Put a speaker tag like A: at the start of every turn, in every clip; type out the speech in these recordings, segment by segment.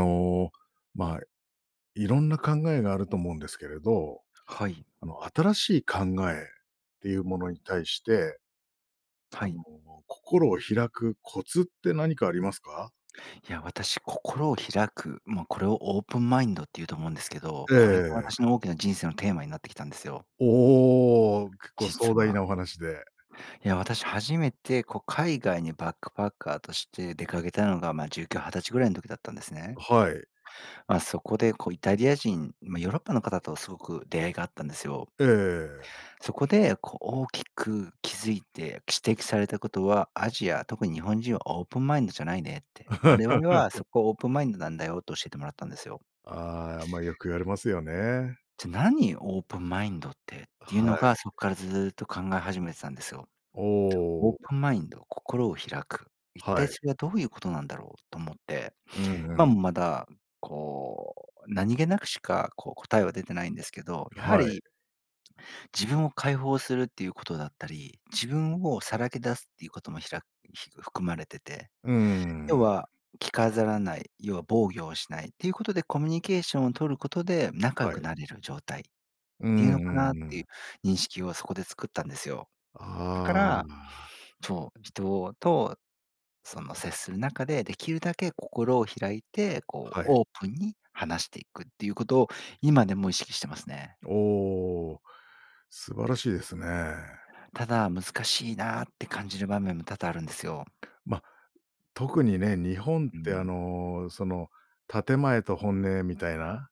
A: あの、まあ、いろんな考えがあると思うんですけれど、
B: はい。
A: あの新しい考えっていうものに対して、あ
B: はい。
A: の心を開くコツって何かありますか？
B: いや、私心を開く、ま、これをオープンマインドって言うと思うんですけど、
A: え
B: これが
A: え。
B: 私の大きな人生のテーマになってきたんですよ。
A: おお、結構壮
B: 実
A: 大
B: は。
A: なお話で。
B: いや私初めてこう海外にバックパッカーとして出かけたのが、ま、19、20歳ぐらいの時だったんですね。
A: はい。
B: ま、そこでこうイタリア人、ま、ヨーロッパの方とすごく出会いがあったんですよ。
A: ええ、ええ。
B: そこでこう大きく気付いて指摘されたことは、アジア、特に日本人はオープンマインドじゃないねって、我々はそ こオープンマインドなんだよ、と教えてもらったんですよ。
A: ああ、まあ、よく言われますよね。
B: じゃ何？オープンマインドってっていう
A: は
B: のが、
A: い。
B: そこからずっと考え始めてたんですよ。
A: お
B: オー
A: お。
B: プンマインド、心を開く、一
A: は
B: 体
A: い。
B: それはどういうことなんだろう？と思って、
A: うん、
B: 今
A: うん。
B: もまだ、こう何気なくしかこう答えは出てないんですけど、やは
A: はい。
B: り自分を解放するっていうことだったり、自分をさらけ出すっていうこともひらひ含まれてて、
A: うー
B: 要
A: ん。
B: は着飾らない、要は防御をしないっていうことでコミュニケーションを取ることで、仲良
A: はい。
B: くなれる状態っ
A: う
B: ていう
A: ん、
B: のか
A: う
B: なっ
A: ん、う
B: ていう
A: ん。
B: 認識をそこで作ったんですよ。だか
A: あ
B: ら、
A: あ。
B: そう、人とその接する中でできるだけ心を開いて、こう
A: はい。
B: オープンに話していくっていうことを今でも意識してますね。
A: おお、素晴らしいですね。
B: ただ、難しいなって感じる場面も多々あるんですよ。
A: ま、特にね、日本っ
B: う
A: てあ
B: ん。
A: のその建前と本音みたいな、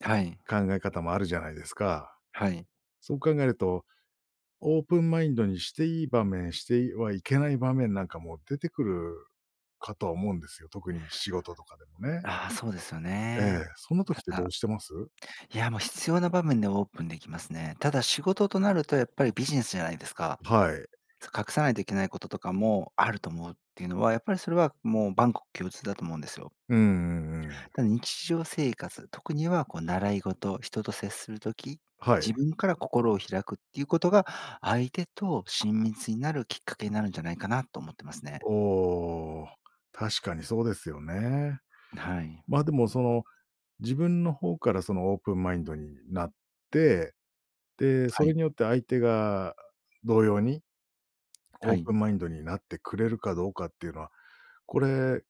B: はい。
A: 考え方もあるじゃないですか。
B: はい。
A: そう考えると、オープンマインドにしていい場面、していはいけない場面なんかも出てくるかとは思うんですよ、特に仕事とかでもね。
B: ああ、そうですよ
A: ええ、
B: ね。
A: そんな時っ
B: た
A: てどう
B: だ、
A: してます？
B: いや、もう必要な場面でオープンできますね。ただ仕事となるとやっぱりビジネスじゃないですか。
A: はい。
B: そ、隠さないといけないこととかもあると思うっていうのは、やっぱりそれはもう万国共通だと思うんですよ。
A: うん、うん、うん。
B: ただ日常生活、特にはこう習い事、人と接する時、
A: はい。
B: 自分から心を開くっていうことが、相手と親密になるきっかけになるんじゃないかなと思ってますね。
A: おお、確かにそうですよね。
B: はい。
A: ま、でもその自分の方からそのオープンマインドになって、で、そ
B: は
A: れ
B: い。
A: によって相手が同様に、オ
B: は
A: ー
B: い。
A: プンマインドになってくれるかどうかっていうのは、これ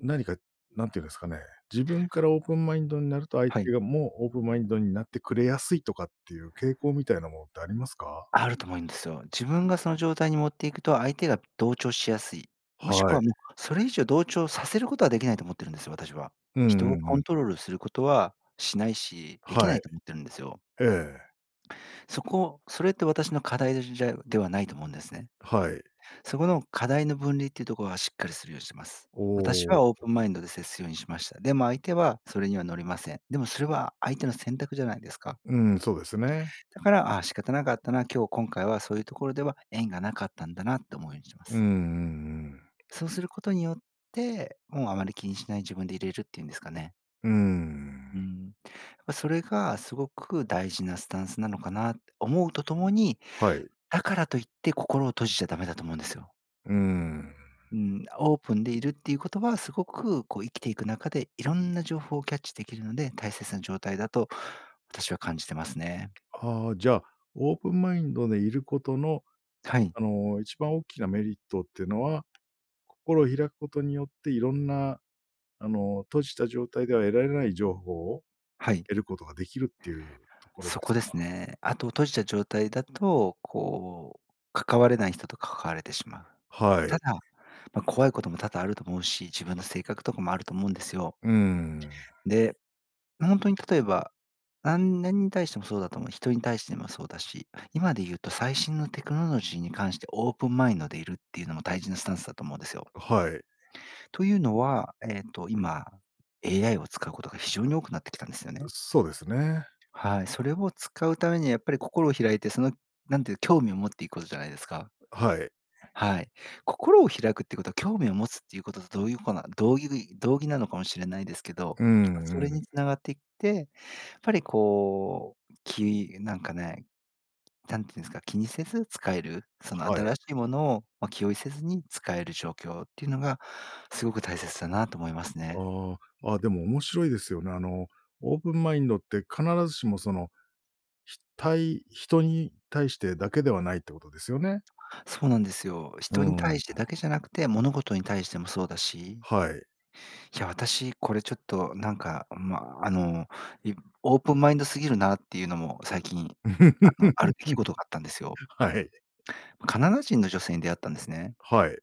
A: 何か、何て言うんですかね、自分からオープンマインドになると、相
B: は
A: 手
B: い。
A: がもうオープンマインドになってくれやすいとかっていう傾向みたいなものってありますか？
B: あると思うんですよ。自分がその状態に持っていくと相手が同調しやすい、もしく
A: はい。
B: はもうそれ以上同調させることはできないと思っているんですよ、私は。
A: うん、
B: 人
A: う
B: を
A: ん、うん、
B: コ
A: うん。
B: ントロールすることはしないし、でき
A: は
B: な
A: い。
B: いと思ってるんですよ。
A: ええ。
B: そこ、それって私の課題じゃではないと思うんですね。
A: はい。
B: そこの課題の分離っていうところはしっかりするようにしてます。私
A: お
B: はオープ
A: お。
B: ンマインドで接するようにしました。でも相手はそれには乗りません。でもそれは相手の選択じゃないですか。
A: うん、そうですね。
B: だから、あ、仕方なかったな、今日今回はそういうところでは縁がなかったんだなって思うようにしま
A: うん、う
B: す。
A: ん、うん。
B: そうすることによって、もうあまり気にしない自分でいれるって言うんですかね。
A: うー
B: うー
A: ん。
B: ん。ま、それがすごく大事なスタンスなのかな。思うとともに、
A: はい。
B: だからといって心を閉じちゃダメだと思うんですよ。
A: うーん。
B: うん、オープンでいるっていうことはすごくこう生きていく中でいろんな情報をキャッチできるので、大切な状態だと私は感じてますね。
A: ああ、じゃ、オープンマインドでいることの、
B: はい。
A: あの、1番大きなメリットっていうのは、心を開くことによっていろんな、あの、閉じた状態では得られない情報を
B: はい。
A: 得ることができるっていうところで
B: そこ
A: すか？
B: ですね。あと閉じた状態だとこう関われない人と関われてしまう。
A: はい。
B: ただ、ま、怖いことも多々あると思うし、自分の性格とかもあると思うんですよ。
A: うーん。
B: で、ほんとに例えば、なん、何に対してもそうだと思う。人に対してもそうだし、今で言うと最新のテクノロジーに関してオープンマインドでいるっていうのも大事なスタンスだと思うんですよ。
A: はい。
B: というのは、えっと、今 AI を使うことが非常に多くなってきたんですよね。
A: そうですね。
B: はい、それを使うためにはやっぱり心を開いて、その、なんていう興味を持っていくことじゃないですか。
A: はい。
B: はい、心を開くっていうことは興味を持つっていうこととどういうこな同いり同義なのかもしれないですけど、
A: う
B: そ
A: ん
B: れ
A: うん。
B: につながっていって、やっぱりこう、きなんかね、何て言うんですか、気にせず使える、その
A: はい。
B: 新しいものを、ま、気負いせずに使える状況っていうのがすごく大切だなと思いますね。
A: ああ。あ、でも面白いですよね。あのオープンマインドって必ずしもその、ひたい人に対してだけではないってことですよね？
B: そうなんですよ。
A: う
B: 人に対
A: ん。
B: してだけじゃなくて、物事に対してもそうだし。
A: はい。
B: いや、私これちょっとなんか、ん、ま、あの、いオープンマインドすぎるなっていうのも最近、あの、ある出来事があったんですよ。
A: はい。
B: カナダ人の女性に出会ったんですね。
A: はい。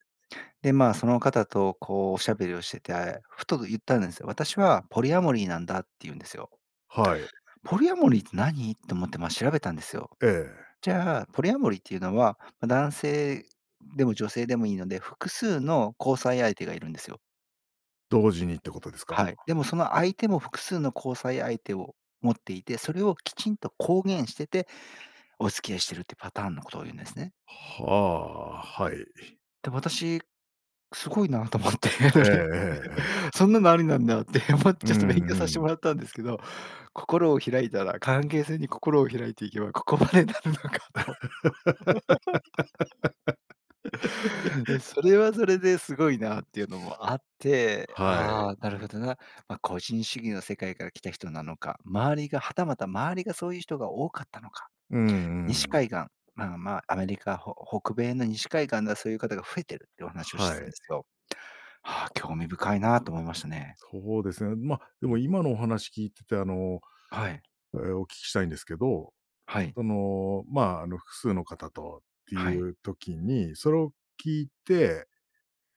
B: で、ま、その方とこうおしゃべりをしてて、ふと言ったんですよ。私はポリアモリーなんだって言うんですよ。
A: はい。
B: ポリアモリーって何？と思って、ま、調べたんですよ。
A: ええ。
B: じゃあ、ポリアモリーっていうのは、ま、男性でも女性でもいいので、複数の交際相手がいるんですよ。
A: 同時にってことですか？
B: はい、でもその相手も複数の交際相手を持っていて、それをきちんと公言してて、お付き合いしてるってパターンのことを言うんですね。
A: はあ、はい。
B: で、私すごいなと思って、そ
A: ええ
B: れ、
A: ええええ。
B: そんなのありなんだって思
A: う
B: ちゃちょっと勉強さ
A: ん
B: せて
A: うん。
B: もらったんですけど。心を開いたら関係性に心を開いていけば、ここまでなるのかと。それはそれですごいなっていうのもあって、
A: は
B: あ
A: い。
B: あ、なるほどな、ま、個人主義の世界から来た人なのか、周りがはたまた周りがそういう人が多かったのか、
A: うんう
B: 西
A: ん。
B: 海岸、あん、ま、アメリカ、ほ北米の西海岸でそういう方が増えてるっていうお話を
A: は
B: してたんで
A: い。
B: すけど。あ、興味深いなと思いましたね。
A: そうですね。ま、で
B: う
A: も
B: ん。
A: 今のお話聞いてて、あの、
B: はい。
A: え、お聞きしたいんですけど、
B: はい。
A: その、ま、あの、複数の方と、って
B: は
A: い
B: い。
A: う時に、それを聞いて、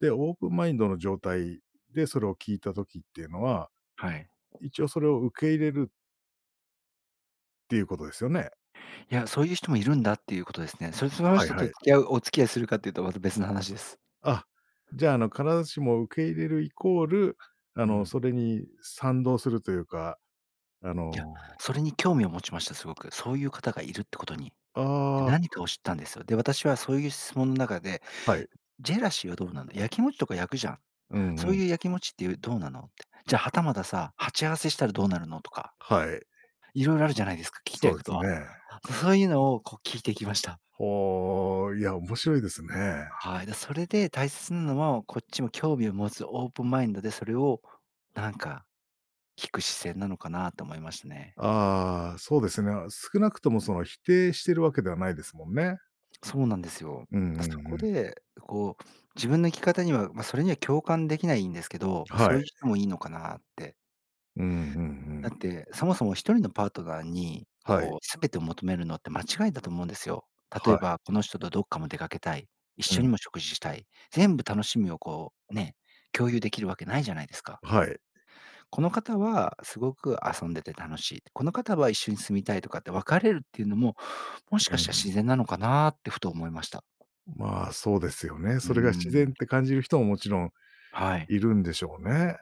A: で、オープンマインドの状態でそれを聞いた時っていうのは、
B: はい。
A: 一応それを受け入れるていうことですよね？
B: いや、そういう人もいるんだっていうことですね。それでその
A: はい
B: 人と
A: は
B: 付
A: い。
B: き合うお付き合いするかっていうとまた別の話です。
A: あ、じゃあ、あの必ずしも受け入れるイコールあ
B: う
A: の
B: ん。
A: それに賛同するというか、あ
B: いや、
A: の。
B: それに興味を持ちましたすごく。そういう方がいるってことに。
A: ああ。
B: 何かを知ったんですよ。で、私はそういう質問の中で、
A: はい。
B: ジェラシーはどうなんだ、やきもちとか焼くじゃん、
A: うん
B: そ
A: う
B: う
A: ん。
B: いうやきもちってどうなのって。じゃ、はたまたさ、鉢合わせしたらどうなるのとか。
A: はい。
B: 色々あるじゃないですか、聞きた
A: そ
B: い
A: うで
B: こと
A: す
B: は。
A: ね。
B: そういうのを、こう聞いてきました。
A: おお、いや、面白いですね。
B: はい、で、それで大切なのはこっちも興味を持つオープンマインドでそれをなんか聞く視線なのかなと思いましたね。
A: ああ、そうですね。少なくともその否定してるわけではないですもんね。
B: そうなんですよ。
A: うん
B: そ
A: うんう
B: こ
A: ん。
B: で、こう自分の生き方には、ま、それには共感できないんですけど、ま、そ
A: は
B: う
A: い。
B: いう人もいいのかなって。
A: うんうんう
B: だ
A: ん。
B: ってそもそも1人のパートナーに
A: はい。
B: こうすべてを求めるのって間違いだと思うんですよ。例
A: は
B: え
A: い。
B: ばこの人とどっかも出かけたい、一
A: う
B: 緒
A: ん。
B: にも食事したい、全部楽しみをこうね、共有できるわけないじゃないですか。
A: はい。
B: この方はすごく遊んでて楽しいって、この方は一緒に住みたいとかって分かれるっていうのも、もし
A: う
B: か
A: んう
B: したら自
A: ん。
B: 然なのかなってふと思いました。
A: ま、そうですよね、
B: うー
A: それが自然っ
B: ん。
A: て感じる人ももちろん
B: はい。
A: いるんでしょうね。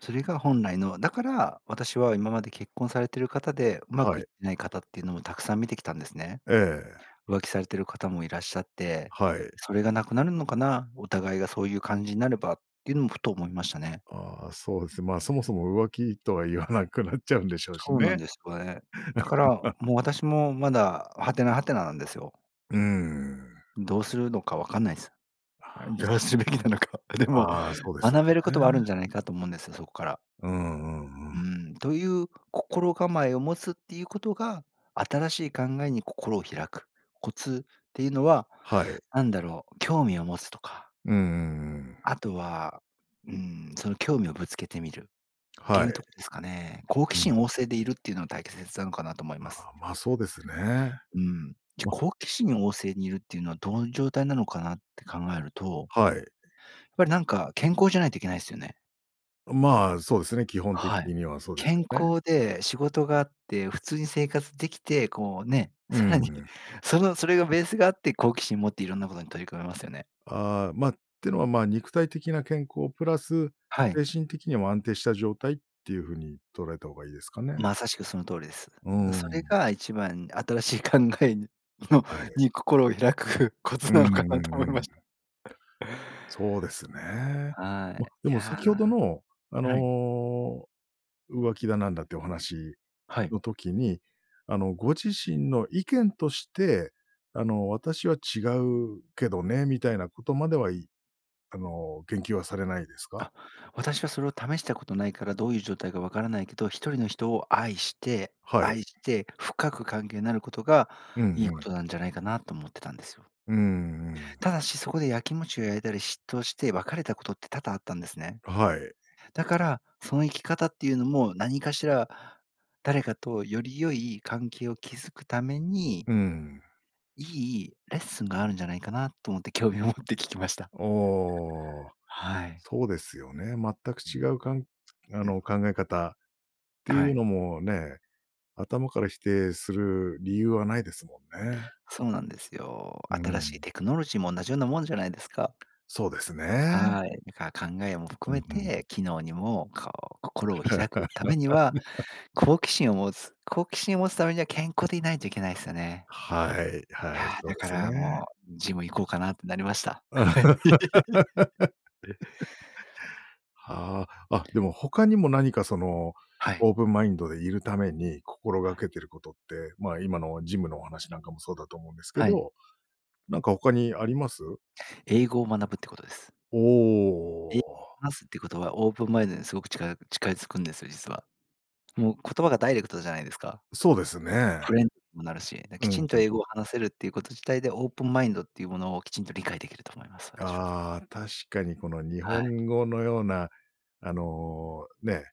B: それが本来の、だから私は今まで結婚されている方でうま
A: は
B: くい
A: い。
B: ってない方っていうのもたくさん見てきたんですね。
A: ええ。
B: 浮気されている方もいらっしゃって、
A: はい。
B: それがなくなるのかな、お互いがそういう感じになればっていうのもふと思いましたね。
A: ああ、そうです。まあ、そもそも浮気とは言わなくなっちゃうんでしょうし
B: そうなん
A: ね。
B: ですうえ。だから、もう私もまだはてなはてななんですよ。
A: うーん。
B: どうするのかわかんないす。
A: ああ。
B: どうするべきなのか。でも
A: ああ、そうですよ
B: 学べることはある
A: ね。
B: んじゃないかと思うんです、そこから。
A: うんうんう
B: う
A: ん。
B: ん、という心構えを持つっていうことが新しい考えに心を開くコツっていうのは
A: はい。
B: なんだろう、興味を持つとか。
A: うんうんうん。
B: あとは、うん、その興味をぶつけてみるって
A: は
B: いうと
A: い。
B: こですかね。好奇
A: うん。
B: 心旺盛でいるっていうのは大切なのかなと思います。
A: ああ、ま、そうですね。
B: うん、じゃ
A: ま。
B: 好奇心旺盛にいるっていうのはどういう状態なのかなって考えると。
A: はい。
B: やっぱりなんか健康じゃないといけないすよね。
A: うん、ま、そうですね、基本的
B: はい。
A: にはそうです
B: 健
A: よね。
B: 康で仕事があって普通に生活できてこうね、
A: う
B: さら
A: ー
B: に
A: ん。
B: そのそれがベースがあって好奇心持っていろんなことに取り組めますよね。
A: ああ、ま、ていうのはま、肉体的な健康プラス
B: はい。
A: 精神的にも安定した状態っていうふうに捉えた方がいいですかね。
B: まさしくその通りです。
A: うー
B: それ
A: ん。
B: が1番新しい考えの
A: はい。
B: に心を開くコ
A: う
B: ツ
A: ん
B: なのか
A: うんう
B: なと思いました。
A: ん。そうですね。
B: は
A: ま、
B: い、
A: で
B: い
A: も先ほど
B: や
A: の、あ
B: はい。
A: の、浮気だなんだっていうお話
B: はい。
A: の時に、あの、ご自身の意見として、あの、私は違うけどね、みたいなことまでは、いあの、言及はされないですか？
B: あ、私はそれを試したことないからどういう状態かわからないけど、1人の人を愛して
A: はい。
B: 愛して、深く関係になることが
A: うん
B: いい
A: う
B: こ
A: ん。
B: となんじゃないかなと思ってたんですよ。
A: うーん、うん。
B: ただし、そこでやきもちを焼いたり、嫉妬して別れたことって多々あったんですね。
A: はい。
B: だから、その生き方っていうのも何かしら誰かとより良い関係を築くために。
A: うん。
B: いいレッスンがあるんじゃないかなと思って興味を持って聞きました。
A: ああ、
B: はい。
A: そうですよね、全く違う、かんあ
B: うん。
A: の考え方ってい
B: は
A: う
B: い。
A: のもね、頭から否定する理由はないですもんね。
B: そうなんですよ。
A: う
B: 新しい
A: ん。
B: テクノロジーも同じようなもんじゃないですか。
A: そうですね。
B: はい、だから考えも
A: う
B: 含
A: ん
B: め
A: うんう
B: て、
A: ん。
B: 機能にもこう心を開くためには、好奇心を持つ、好奇心を持つためには健康でいないといけないすよね。
A: はい、は
B: い
A: い、
B: や、
A: そう
B: だ
A: で
B: か
A: す
B: ら
A: ね。
B: もうジム行こうかなってなりました。はい。え。
A: はあ、あ、でも他にも何かその、
B: はい。
A: オープンマインドでいるために心が
B: はい。
A: けてることって、ま、今のジムのお話なんかもそうだと思うんですけ
B: はい。
A: ど、なんか他にあります？
B: 英語を学ぶってことです。
A: お
B: 英
A: お。
B: 話すっていうことはオープンマインドにすごく近い近づくんですよ実は。もう言葉がダイレクトじゃないですか。
A: そうですね。
B: フレンにもなるし、
A: う
B: きち
A: ん
B: んと
A: うん。
B: 英語を話せるっていうこと自体でオープンマインドっていうものをきちんと理解できると思います、私は。
A: ああ、確かにこの日
B: はい。
A: 本語のような、あの、ね、ないですもんね。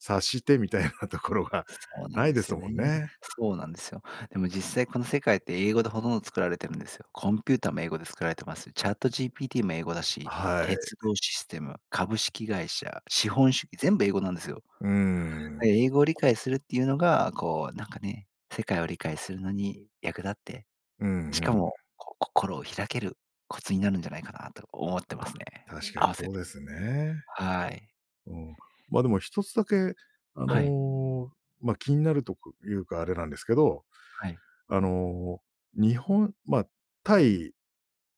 A: 察してみたいなところが
B: そうなんですよね。そうなんですよ。でも実際この世界って英語でほとんど作られてるんですよ。コンピューターも英語で作られてます。チャットジーピーティーも英語だし、
A: はい。
B: 鉄道システム、株式会社、資本主義、全部英語なんですよ。
A: うーん。
B: 英語理解するっていうのが、こうなんかね、世界を理解するのに役立って、
A: うん
B: し
A: う
B: か
A: ん。
B: も、こう心を開けるコツになるんじゃないかなと思ってますね、
A: あ、確かに
B: 合わせ
A: そう
B: て。
A: ですね。
B: はい。
A: うん。ま、でも1つだけあ
B: はい。
A: の、ま、気になるとかいうがあれなんですけど、
B: はい。
A: あの、日本ま、対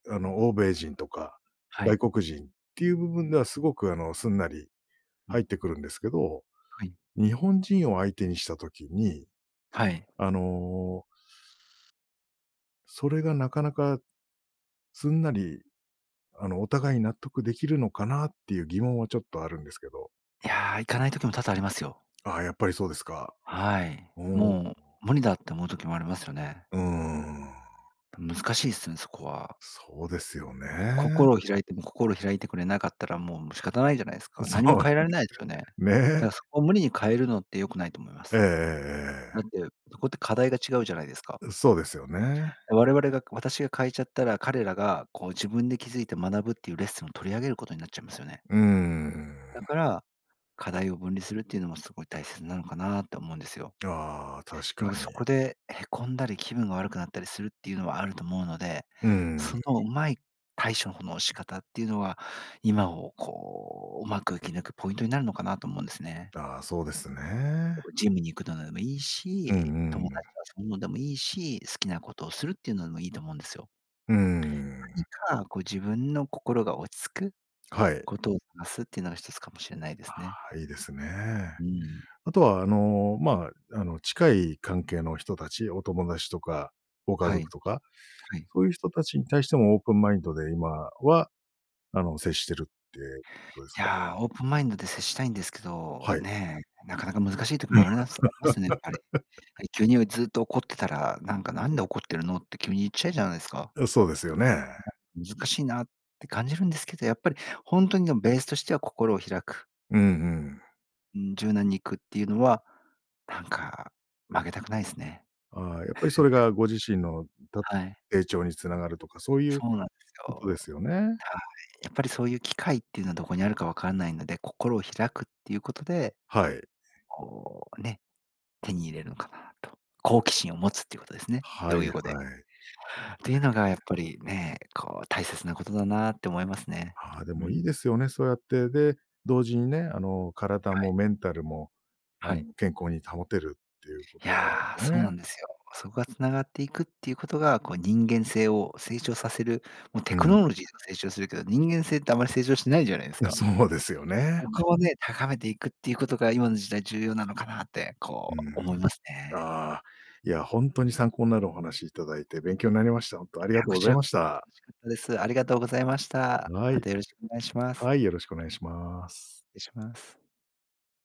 A: あの、欧米人とか、
B: はい。
A: 外国人っていう部分ではすごく、あの、すんなり
B: うん。
A: 入ってくるんですけど、
B: はい。
A: 日本人を相手にした時に、
B: はい。
A: あの。それがなかなかすんなり、あのお互いに納得できるのかなっていう疑問はちょっとあるんですけど。
B: いや、いかない時も多々ありますよ。
A: ああ、やっぱりそうですか。
B: はい。
A: おお。
B: もう無理だって思う時もありますよね。
A: うーん。
B: 難しいすね、そこは。
A: そうですよね。
B: 心を開いても心開いてくれなかったらもう仕方ないじゃないですか。
A: そ
B: 何も
A: う
B: 変えられないですよね。だか
A: ね。
B: らそこを無理に変えるのって良くないと思いま
A: えええ
B: す。
A: えええ。
B: だって、そこって課題が違うじゃないですか。
A: うん、そうですよね。
B: 我々が私が変えちゃったら彼らがこう自分で気づいて学ぶっていうレッスンを取り上げることになっちゃいますよね。
A: うーん。
B: だから、課題を分離するっていうのもすごい大切なのかなと思うんですよ。
A: ああ、確か
B: でも
A: に。
B: そこでへこんだり気分が悪くなったりするっていうのはあると思うので、
A: うー
B: そ
A: ん。
B: のうまい対処方、の仕方っていうのは今をこう、うまく生き抜くポイントになるのかなと思うんですね。
A: ああ、そうですね。
B: ジムに行くのでもいい
A: うん
B: し、友
A: うん。
B: 達とかそういうのでもいいし、好きなことをするっていうのでもいいと思うんですよ。
A: うー
B: 何
A: ん。
B: かこう自分の心が落ち着く
A: はい。
B: ことをがすっていうのがひとつかもしれないですね。
A: ああ、いいですね。
B: うん。
A: あとは、あの、ま、あの、近い関係の人たち、お友達とか、ご家
B: は
A: 族
B: い。
A: とか、
B: はい。
A: そういう人たちに対してもオープンマインドで今は、あの、接してるってことです
B: い
A: か？
B: や、オープンマインドで接したいんですけど、
A: はい。
B: ね、なかなか難しい時もあるなっすありますね、やっぱり。やっぱり、急にずっと怒ってたら、なんかなんで怒ってるのって急に言っちゃうじゃないですか。
A: いや、そうですよね。
B: 難しいなって感じるんですけど、やっぱりほんとにでもベースとしては心を開く。
A: うんうん。
B: うん、柔軟に行くっていうのは、なんか曲げたくないすね。
A: ああ、やっぱりそれ がご自身のた
B: はい。
A: 成長につながるとか、そういう
B: そうなんです
A: ことで
B: よ。
A: すよね。
B: はい、やっぱりそういう機会っていうのはどこにあるかわかんないので、心を開くっていうことで、
A: はい。
B: こうね、手に入れるのかなと。好奇心を持つっていうことですね、
A: は
B: 同
A: い、は
B: 意
A: い。
B: 語で。ていうのがやっぱりね、こう大切なことだなって思いますね。
A: ああ、で
B: う
A: もいいで
B: ん。
A: すよね、そうやって、で、同時にね、あの、体
B: はい。
A: もメンタルも、あ
B: は
A: の、
B: い。
A: 健康に保てるっていうこ
B: い
A: と
B: や、
A: で
B: そう
A: ね。
B: なんですよ。そこが繋がっていくっていうことが、こう人間性を成長させる、もう
A: う
B: テク
A: ん。
B: ノロジーとか成長するけど、人間性ってあまり成長しないじゃないです
A: いや、
B: か。
A: そうですよ
B: そ
A: ね。
B: こをね、高めていくっていうことが今の時代重要なのかなって、
A: う
B: こ
A: ん。
B: う思いますね。
A: ああ、いやほんとに参考なるお話いただいて勉強になりました。ほんとあり
B: い
A: が
B: や
A: とう
B: こ
A: ご
B: ち
A: ざい
B: ら
A: ま
B: こ
A: し
B: そ、
A: た。
B: 楽しかったです。ありがとうございました。
A: は
B: ま
A: い。
B: たよろしくお願いしま
A: は
B: す。
A: い、よろしくお願いします。
B: 失礼します。